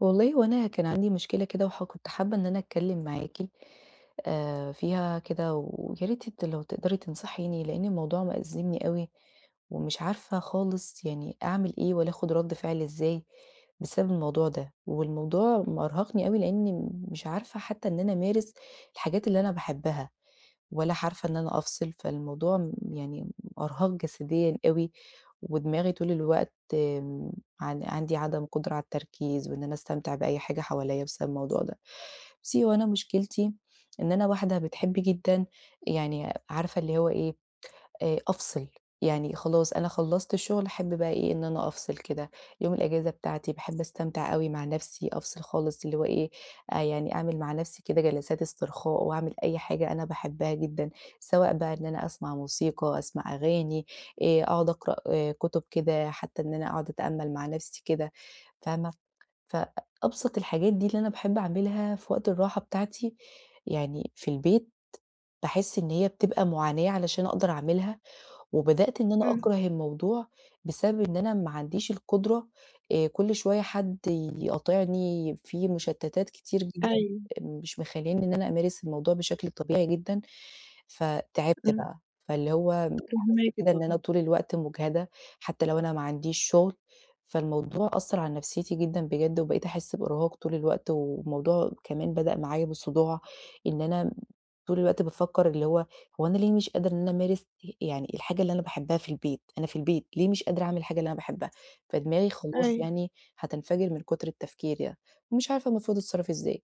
والله هو أنا كان عندي مشكلة كده، وح كنت حابة إن أنا أتكلم معاكِ آآ فيها كده، وياريت أنتِ لو تقدري تنصحيني، لأن الموضوع مأزمني أوي، ومش عارفة خالص يعني أعمل إيه والّا آخد رد فعل إزاي بسبب الموضوع ده، والموضوع مأرهقني لأني مش عارفة حتى إن أنا أمارس الحاجات اللي أنا باحبها، ولا عارفة إن أنا أفصل. فالموضوع يعني م إرهاق جسديًا أوي، ودماغي طول الوقت عن عندي عدم قدرة على التركيز، وإن أنا أستمتع بأي حاجة حواليّا بسبب الموضوع ده. بُصّي، هو أنا مشكلتي إن أنا واحدة بتحب جدًا يعني، عارفة اللي هو إيه، آآ أفصل. يعني خلاص، أنا خلصت الشغل، أحب بقى إيه، إن أنا أفصل كده. يوم الإجازة بتاعتي باحب أستمتع أوي مع نفسي، أفصل خالص، اللي هو إيه، آآ يعني أعمل مع نفسي كده جلسات استرخاء، وأعمل أي حاجة أنا باحبها جدًا، سواء بقى إن أنا أسمع موسيقى، أسمع أغاني، آآ أقعد أقرأ كتب كده، حتى إن أنا أقعد أتأمل مع نفسي كده، فاهمة؟ فأبسط الحاجات دي اللي أنا باحب أعملها في وقت الراحة بتاعتي، يعني في البيت، باحس إن هي بتبقى معاناة علشان أقدر أعملها، وبدأت إن أنا إمم. أكره الموضوع بسبب إن أنا ما عنديش القدرة. آآ كل شوية حد يقاطعني، في مشتتات كتير جدًا أيوه. مش مخلّياني إن أنا أمارس الموضوع بشكل طبيعي جدًا. فتعبت إمم. بقى، فاللي هو حاسه فاهماكِ كده إن أنا طبعًا. طول الوقت مُجهدة، حتى لو أنا ما عنديش شغل. فالموضوع أثر على نفسيتي جدًا بجد، وبقيت أحس بإرهاق طول الوقت، والموضوع كمان بدأ معايا بصداع، إن أنا طول الوقت بافكر، اللي هو هو أنا ليه مش قادرة إن أنا أمارس آآ يعني الحاجة اللي أنا باحبها في البيت، أنا في البيت ليه مش قادرة أعمل الحاجة اللي أنا باحبها! فدماغي خلاص أيوه. يعني هتنفجر من كتر التفكير يعني، ومش عارفة المفروض أتصرف إزاي.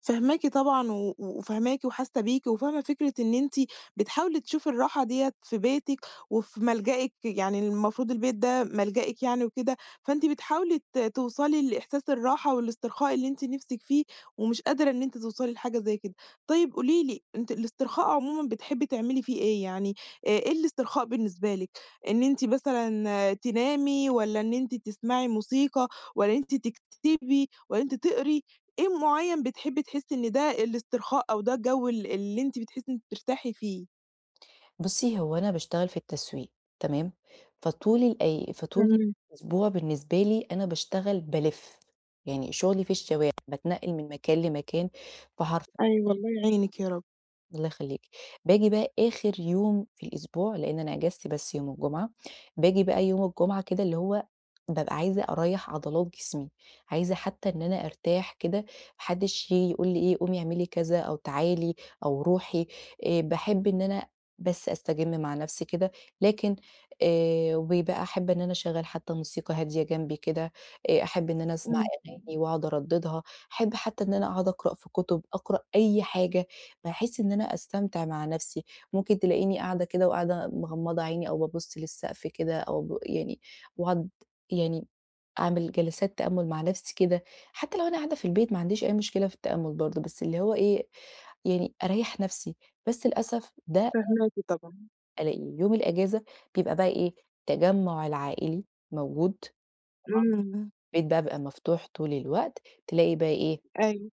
فاهماكِ طبعًا و وفاهماكِ وحاسّة بيكِ، وفاهمة فكرة إن أنتِ بتحاولي تشوفي الراحة ديّة في بيتِك، وفي ملجئِك. يعني المفروض البيت ده ملجئِك يعني وكده، فأنتِ بتحاولي ت توصَلي لإحساس الراحة والاسترخاء اللي أنتِ نِفسِك فيه، ومش قادرة إن أنتِ توصَلي لحاجة زي كده. طيب، قولي لي، أنتِ الاسترخاء عمومًا بتحبّي تعملي في إيه يعني، آآ إيه الاسترخاء بالنسبة لِك، إن أنتِ مثلًا تنامي والّا إن أنتِ تسمّعي موسيقى والّا إن أنتِ تكتبي والّا إن أنتِ تقرئي، إيه معيّن بتحبّي تحسّي إن ده الاسترخاء أو ده الجو ال اللي أنتِ بتحسّي إن أنتِ بترتاحي فيه؟ بُصّي، هو أنا باشتغل في التسويق، تمام، فطُول الأي فطُول [unintelligible] الأسبوع بالنسبة لي أنا باشتغل بالِف، يعني شُغلي في الشوارع بتنقّل من مكان لمكان فحرفيًا أيوه الله [unintelligible] يعينِك يا رب. الله يخلّيكِ. باجي بقى آخِر يوم في الأسبوع، لإن أنا أجازتي بس يوم الجمعة. باجي بقى يوم الجمعة كده، اللي هو بابقى عايزة أريّح عضلات جسمي، عايزة حتى إن أنا أرتاح كده، ما حدّش ييجي يقول لي إيه، قومي اعملي كذا، أو تعالي، أو رُوحي. آآ باحب إن أنا بس أستجِم مع نَفْسي كده. لكن آآ وبيبقى أحب إن أنا أشغّل حتى موسيقى هادية جنبي كده، آآ أحب إن أنا أسمَع إمم. أغاني وأقعُد أردّدها، أحب حتى إن أنا أقعُد أقرأ في كُتب، أقرأ أي حاجة بحيث إن أنا أستمتع مع نفسي. ممكن تلاقيني قاعدة كده، وقاعدة مغمّضة عيني، أو بابُص للسقف كده أو أب يعني وأقعُد يعني أعمل جلسات تأمُّل مع نَفْسي كده. حتى لو أنا قاعدة في البيت ما عنديش أي مشكلة في التأمُّل برضه، بس اللي هو إيه، يعني أريّح نَفْسي، بس للأسف ده [unintelligible] فاهماكِ، طبعًا. ألاقي يوم الإجازة، بيبقى بقى إيه، التجمُّع العائلي موجود إمم. [unintelligible] الباب بيبقى مفتوح طُول الوقت، تلاقي بقى إيه أيوه.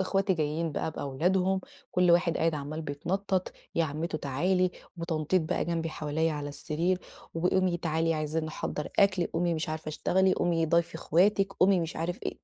أخواتي جايين بقى بأولادهم كُل واحد قاعد عمّال بيتنطط "يا عمتو تعالي" وتنطيط بقى جنبي حواليا على السرير "وقومي تعالي عايزين نحضّر أكْل، قومي مش عارفة اشتغلي، قومي ضايفي أخواتِك، قومي مش عارف إيه."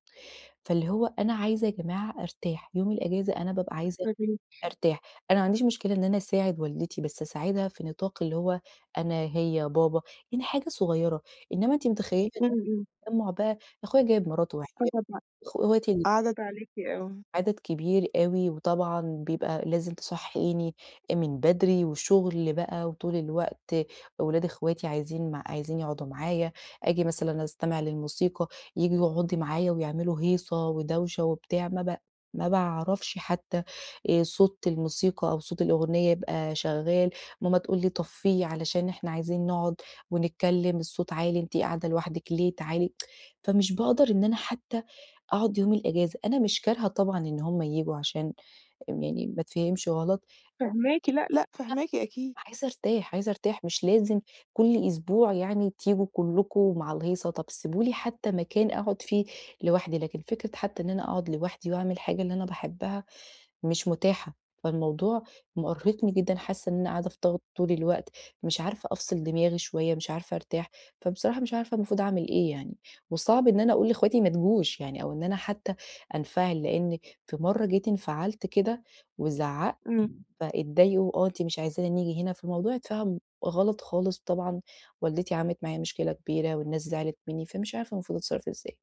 فاللي هو أنا عايزة يا جماعة أرتاح يوم الإجازة أنا بابقى عايزة طَب أنتِ أرتاح. أنا ما عنديش مشكلة إن أنا أساعد والدتي بس أساعدها في نطاق اللي هو أنا، هي، بابا يعني حاجة صغيرة إنما أنتِ متخيلّة امم، امم. التجمع بقى أخويا جايب مراته وعياله [unintelligible] لأ. [unintelligible] أخواتي ال عدد عليكِ، آه. عدد كبير أوي وطبعًا بيبقى لازم تصحيني من بدري وشغل بقى وطُول الوقت ولاد أخواتي عايزين مع عايزين يقعُدوا معايا آجي مثلًا أستمع للموسيقى ييجوا يقعدوا معايا ويعملوا هيصة ودوشة وبتاع ما بع ما باعرَفش حتى آآ صوت الموسيقى أو صوت الأغنية يبقى شغال ماما تقول لي: "طفيه علشان إحنا عايزين نقعُد ونتكلم الصوت عالي أنتِ قاعدة لوحدِك ليه تعالي." فمش باقدَر إن أنا حتى أقعد يوم الأجازة. أنا مش كارهه طبعًا إن هُم ييجوا عشان م يعني ما اتفهمش غلط. فاهماكِ، لأ، لأ، فاهماكِ أكيد. أ عايزة أرتاح، عايزة أرتاح. مش لازم كُلّ أسبوع يعني تيجوا كُلّكم مع الهيصة. طَب سِيبوا لي حتى مكان أقعُد فيه لوحدي، لكن فكرة حتى إن أنا أقعُد لوحدي وأعمل الحاجة اللي أنا باحبها مش متاحة. فالموضوع مأرهقني جدًا حاسة إن أنا قاعدة في ضغط طُول الوقت، مش عارفة أفصِل دماغي شوية، مش عارفة أرتاح. فبصراحة مش عارفة المفروض أعمل إيه يعني، وصعْب إن أنا أقول لإخواتي ما تجوش يعني أو إن أنا حتى أنفعل، لإن في مرّة جيت انفعلت كده وزعقت إمم. فاتضايقوا "آه، أنتِ مش عايزانا نيجي هنا". فالموضوع اتفهَم غلط خالص طبعًا والدتي عملت معايا مشكلة كبيرة والناس زِعلت مني فمش عارفة المفروض اتصرّف إزاي.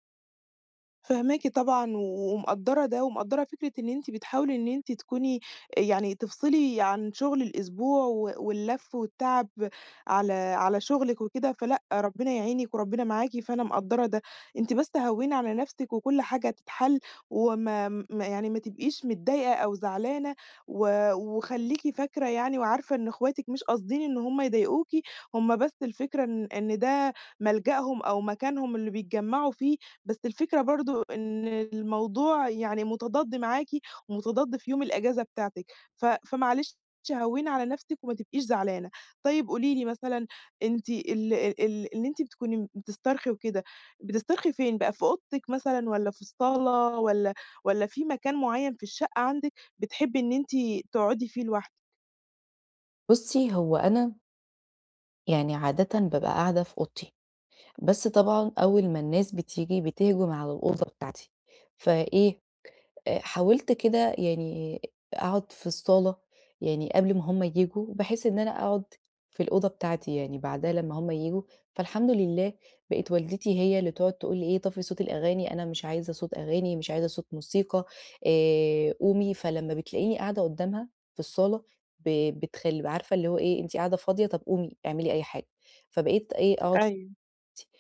فاهماكِ طبعًا، و ومقدرة ده، ومقدرة فكرة إن أنتِ بتحاولي إن أنتِ تكوني يعني تفصلي عن شغل الأسبوع، و واللف، والتعب على على شُغلِك وكده. فلأ، ربنا يعينِك، وربنا معاكِ، فأنا مقدرة ده. أنتِ بس هوّني على نفسِك، وكلّ حاجة هتتحل، وما ما يعني ما تبقيش متضايقة أو زعلانة، و وخليكِ فاكرة يعني وعارفة إن أخواتِك مش قاصدين إن هُم يضايقوكِ، هُم بس الفكرة إن إن ده ملجأهم، أو مكانهم اللي بيتجمعوا فيه، بس الفكرة برضه إن الموضوع يعني متضاد معاكِ، ومتضاد في يوم الإجازة بتاعتِك، ف فمعلش هوّني على نفسِك، وما تبقيش زعلانة. طيّب قولي لي مثلًا، أنتِ ال ال ال اللي أنتِ بتكوني بتسترخي وكده، بتسترخي فين بقى؟ في أوضتِك مثلًا، والّا في الصالة، والّا والّا في مكان معيّن في الشقة عندِك، بتحبي إن أنتِ تقعدي فيه لوحدِك؟ بُصّي، هو أنا يعني عادةً بابقى قاعدة في أوضتي، بس طبعًا أول ما الناس بتيجي، بتهجُم على الأوضة بتاعتي، فإيه آآ حاولت كده يعني أقعد في الصالة، يعني قبل ما هُم ييجوا، بحيث إن أنا أقعد في الأوضة بتاعتي، يعني بعدها لمّا هُم ييجوا، فالحمد لله، بقت والدتي هي اللي تقعد تقول لي إيه: "طفي صوت الأغاني، أنا مش عايزة صوت أغاني، مش عايزة صوت موسيقى، آآ قومي" فلمّا بتلاقيني قاعدة قُدّامها في الصالة، ب بتخل ب عارفة اللي هو إيه "أنتِ قاعدة فاضية، طَب قومي اعملي أي حاجة." فبقيت إيه أقعد أيوه.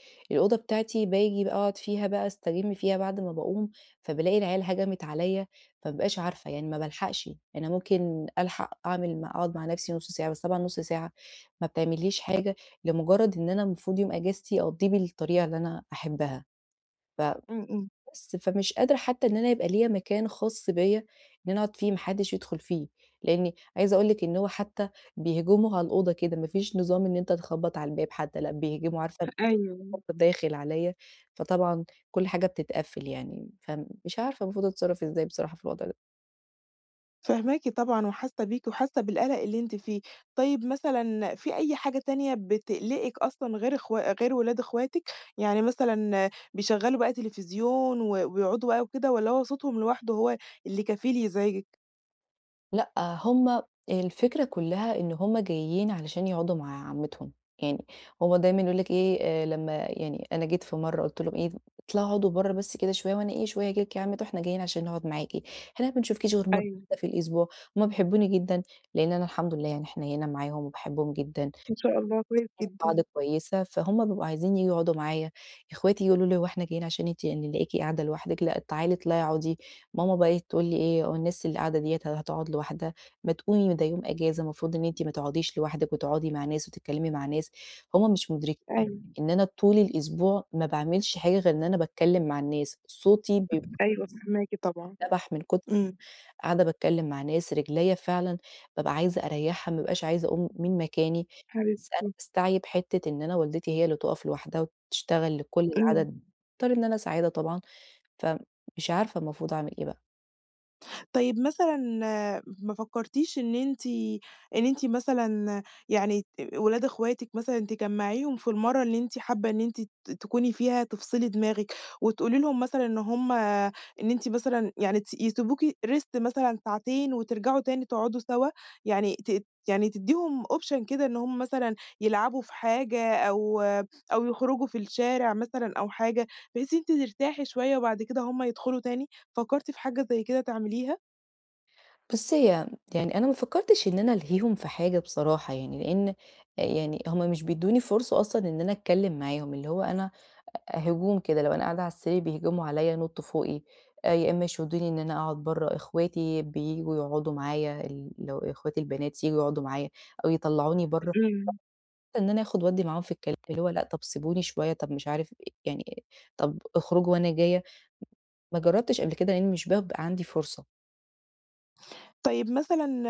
[unintelligible] الأوضة بتاعتي، باجي بقى أقعد فيها بقى، أستجم فيها بَعد ما باقوم، فبالاقي العيال هَجمِت عليّا، فما بابقاش عارفة يعني ما بالحقش، أنا ممكن ألحق أعمل م أقعد مع نفسي نُص ساعة، بس طبعًا نُص ساعة ما بتعمليش حاجة، لمجرّد إن أنا المفروض يوم أجازتي أقّضيه بالطريقة اللي أنا أحبها، ف امم، امم. بس، فمش قادرة حتى إن أنا يبقى ليّا مكان خاص بيّا، إن أنا أقعد فيه ما حدش يدخل فيه، لأني عايزة أقول لِك إن هو حتى بيهجموا على الأوضة كده، ما فيش نظام إن أنت تخبّط على الباب حتى، لأ، بيهجموا. عارفة [unintelligible] أيوه. هوب داخل عليّا، فطبعًا كلّ حاجة بتتقفل يعني. فمش عارفة المفروض أتصرف إزاي بصراحة في الوضع ده؟ فاهماكِ طبعًا وحاسّة بيكِ وحاسّة بالقلَق اللي أنتِ فيه. طيب مثلًا في أي حاجة تانية بتقلقِك أصلًا غير أخوا غير ولاد أخواتِك؟ يعني مثلًا بيشغّلوا بقى تليفزيون و ويقعُدوا بقى وكده والّا هو صوتهم لوحده هو اللي كفيل يزعجِك؟ لأ، هُم، الفكرة كلّها إن هُم جايين علشان يقعُدوا مع عمّتهم، يعني هُم دايمًا يقولوا لِك إيه آآ، لمّا يعني أنا جيت في مرّة قُلت لهُم إيه "اطلَعوا اقعُدوا برّه بس كده شوية وأنا إيه، شوية آجي لك" "يا عمّته، إحنا جايين عشان نقعُد معاكِ، إحنا ما بنشوفكيش غير مرّة أيوه. واحدة في الأسبوع." هُمّ بيحبّوني جدًا لأن أنا الحمد لله يعني حنيّنه معاهم وباحبّهم جدًا، إن شاء الله، كويس جدًا. [unintelligible] كويسة فهُم بيبقوا عايزين ييجوا يقعُدوا معايا، إخواتي ييجوا يقولوا لي: "هو إحنا جايين عشان أنتِ يعني نلاقيكِ قاعدة لوحدِك؟ لأ تعالي اطلعي أقعُدي." ماما بقي إيه تقول لي إيه "والناس اللي قاعدة ديّة هتقعُد لوحدها؟ ما تقومي ده يوم إجازة المفروض إن أنتِ ما تقعُديش لوحدِك وتقعدي مع ناس وتتكلّمي مع ناس." هُم مش مُدرِكين أيوه. إن أنا طُول الأسبوع ما باعملش حاجة غير إن أنا باتكلّم مع الناس، صوتي ب أيوه فاهماكِ طبعًا. اتنبح من كُتر إمم. قاعدة باتكلّم مع ناس، رجليّا فعلًا بابقى عايزة أريّحها، ما بابقاش عايزة أقُوم من مكاني، بس أنا حبيبتي. باستعيِب حِتّة إن أنا والدتي هي اللي تُقف لوحدها وبتشتغل لكل إمم. العدد، باضطر إن أنا أساعدها طبعًا فمش عارفة المفروض أعمل إيه بقى؟ طيّب، مثلًا ما فكرتيش إن أنتِ إن أنتِ مثلًا يعني ت ولاد إخواتك مثلًا، تجمعيهم في المرّة اللي أنتِ حابة إن أنتِ تكوني فيها تفصلي دماغِك، وتقولي لهُم مثلًا إن هُم إن أنتِ مثلًا يعني تس يسيبوكِ Rest مثلًا ساعتين، وترجعوا تاني تقعدوا سوا، يعني تدّ يعني تدّيهم option كده إن هُم مثلًا يلعبوا في حاجة، أو أو يخرجوا في الشارع مثلًا، أو حاجة، بحيث أنتِ ترتاحي شوية، وبعد كده هُم يدخلوا تاني. فكرتِ في حاجة زي كده تعمليها؟ بُصّي هي يعني أنا ما فكرتش إن أنا ألهيهُم في حاجة بصراحة، يعني لإن آآ يعني هُم مش بيدوني فرصة أصلًا إن أنا أتكلم معاهُم. اللي هو أنا، هجوم كده لو قاعدة على السرير، بيهجموا عليّا، ينطوا فوقي آآ، يا إما يشدوني إن أنا أقعد برّه، إخواتي بييجوا يقعدوا معايا، ال لو إخواتي البنات ييجوا يقعدوا معايا، أو يطلّعوني برّه. إمم. [unintelligible] إن أنا أخد وأدي معاهم في الكلام، اللي هو لأ، طَب سيبوني شويّة، طَب مش عارف يعني طَب اخرجوا وأنا جاية. ما جربتش قبل كده، لأني مش بابقى عندي فرصة. طيب مثلًا،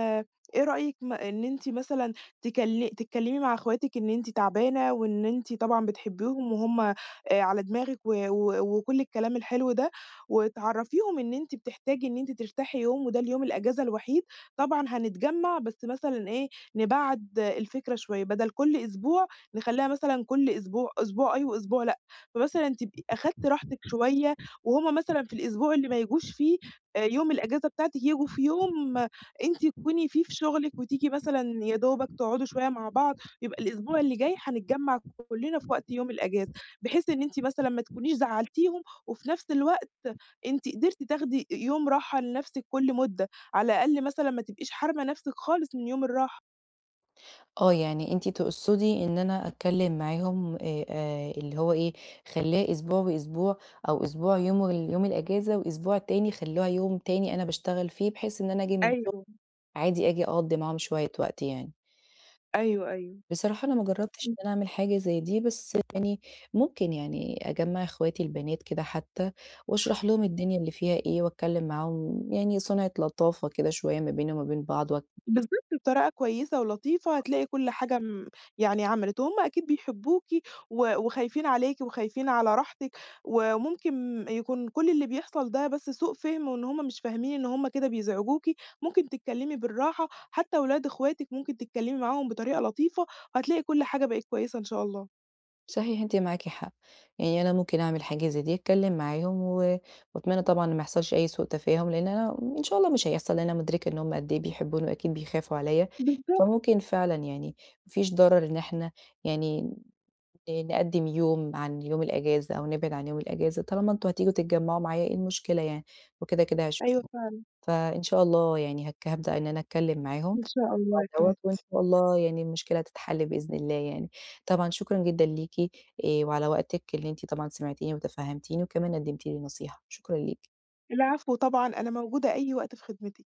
إيه رأيِك إن أنتِ مثلًا تكلم تتكلمي مع أخواتِك إن أنتِ تعبانة، وإن أنتِ طبعًا بتحبيهم وهُم على دماغك، و و وكل الكلام الحلو ده وتعرفيهم إن أنتِ بتحتاجي إن أنتِ ترتاحي يوم وده اليوم الإجازة الوحيد، طبعًا هنتجمع بس مثلًا إيه نبعد الفكرة شوية بدل كل أسبوع نخلّيها مثلًا كل أسبوع، أسبوع آه أسبوع لأ، فمثلًا تبقي أخدتِ راحتِك شوية وهُم مثلًا في الأسبوع اللي ما ييجوش فيه يوم الإجازة بتاعتِك ييجيوا في يوم أنتِ تكوني في في شغلِك وتيجي مثلًا يا دوبك تقعدوا شوية مع بعض، يبقى الأسبوع اللي جاي هنتجمع كلنا في وقت يوم الإجازة، بحيث إن أنتِ مثلًا ما تكونيش زعلتيهم، وفي نفس الوقت أنتِ قدرتِ تاخدي يوم راحة لنفسِك كل مدة، على الأقل مثلًا ما تبقيش حارمه نفسك خالص من يوم الراحة. آه، يعني أنتِ تقصدي إن أنا أتكلم معاهم آآ، آآ، اللي هو إيه خليها أسبوع وأسبوع، أو أسبوع يوم اليوم الإجازة وأسبوع تاني خلوها يوم تاني أنا باشتغل فيه، بحيث إن أنا آجي من الشغل أيوه. عادي آجي أقضي معاهم شوية وقت يعني. أيوه أيوه، بصراحة، أنا ما جربتش إمم. إن أنا أعمل حاجة زَي دي بس يعني ممكن يعني أجمّع أخواتي البنات كده حتى، وأشرح لهم الدنيا اللي فيها إيه وأتكلم معاهم يعني صنعة لطافة كده شوية ما بينا وما بين بعض واتك بالضبط، بطريقة كويسة ولطيفة هتلاقي كل حاجة آمم، يعني عملت وهُم أكيد بيحبوكِ و وخايفين عليكِ وخايفين على راحتِك، وممكن يكون كل اللي بيحصل ده بس سوء فهم، وإن هُم مش فاهمين إن هُم كده بيزعجوكِ ممكن تتكلمي بالراحة، حتى ولاد أخواتِك ممكن تتكلمي معاهم بطريقة لطيفة، وهتلاقي كل حاجة بقي كويسة إن شاء الله. صحيح أنتِ معاكِ حق، يعني أنا ممكن أعمل حاجة زَي دي أتكلم معاهم، و وأتمنى طبعًا ما يحصلش أي سوء تفاهم لإن أنا إن شاء الله مش هيحصل لأن أنا مدركة إن هُم قد إيه بيحبوني وأكيد بيخافوا عليّا، بالضبط. فممكن فعلًا يعني ما فيش ضرر إن إحنا يعني ن نقدم يوم عن يوم الإجازة أو نبعد عن يوم الإجازة، طالما أنتم هتيجوا تتجمعوا معايا إيه المشكلة يعني؟ وكده كده هاشوفكم، أيوه، فعلًا. فإن شاء الله يعني هاك هابدأ إن أنا أتكلم معاهم إن شاء الله يا في الموضوع دوّة وإن حبيبتي. شاء الله يعني المشكلة تتحل بإذن الله يعني، طبعًا شكرًا جدًا ليكِ آآ، وعلى وقتِك اللي أنتِ طبعًا سمعتيني وتفهمتيني، وكمان قدمتِ لي نصيحة شكرًا ليكِ. العفو طبعًا، أنا موجودة أي وقت في خدمتِك.